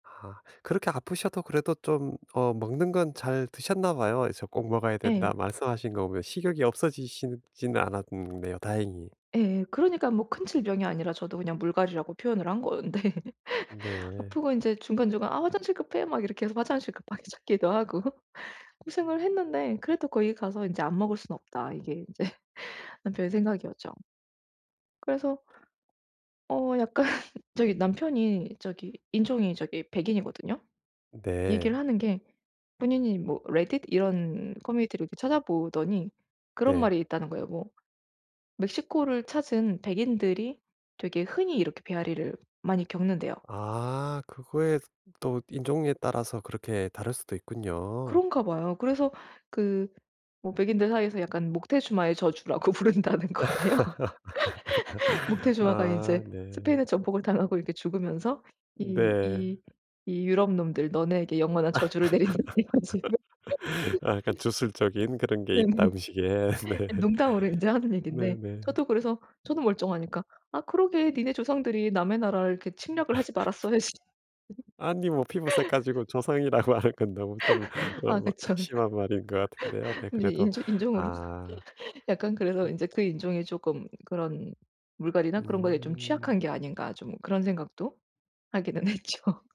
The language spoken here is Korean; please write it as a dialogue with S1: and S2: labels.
S1: 아. 그렇게 아프셔도 그래도 좀 어 먹는 건 잘 드셨나 봐요. 이제 "꼭 먹어야 된다."
S2: 예.
S1: 말씀하신 거 보면 식욕이 없어지시지는 않았네요, 다행히.
S2: 예. 그러니까 뭐 큰 질병이 아니라 저도 그냥 물갈이라고 표현을 한 건데
S1: 네.
S2: 아프고 인제 중간중간 "아 화장실 급해." 막 이렇게 해서 화장실 급하게 찾기도 하고 고생을 했는데 그래도 거기 가서 인제 '안 먹을 순 없다.' 이게 인제 남편의 생각이었죠. 그래서 어 약간 저기 남편이 저기 인종이 저기 백인이거든요. 얘기를
S1: 네.
S2: 하는 게 본인이 뭐 레딧 이런 커뮤니티를 이렇게 찾아 보더니 그런
S1: 네.
S2: 말이 있다는 거예요. 뭐 멕시코를 찾은 백인들이 되게 흔히 이렇게 배앓이를 많이 겪는대요.
S1: 아 그거에 또 인종에 따라서 그렇게 다를 수도 있군요.
S2: 그런가 봐요. 그래서 그 뭐 백인들 사이에서 약간 목테주마의 저주라고 부른다는 거예요. 목테주마가
S1: 아
S2: 이제
S1: 네.
S2: 스페인에 정복을 당하고 이렇게 죽으면서 이
S1: 네.
S2: 이 "이 유럽 놈들 너네에게 영원한 저주를 내린다." 이런 식으로.
S1: 아 약간 주술적인 그런 게 있다,
S2: 네네.
S1: 음식에. 네.
S2: 농담으로 인제 하는 얘긴데
S1: 네네.
S2: 저도 그래서 저도 멀쩡하니까 "아 그러게 너네 조상들이 남의 나라를 이렇게 침략을 하지 말았어야지."
S1: 아니 뭐 피부색 가지고 조상이라 말할 건 너무 좀
S2: 아
S1: 어
S2: 그쵸.
S1: 심한 말인 것 같은데요. 네
S2: 근데
S1: 그래도
S2: 인조 인종으로.
S1: 아.
S2: 약간 그래서
S1: 음.
S2: 인제 '그 인종이 쪼끔 그런 물갈이나 그런 거에 좀
S1: 음.
S2: 취약한 게 아닌가.' 좀 그런 생각도 하기는 했죠.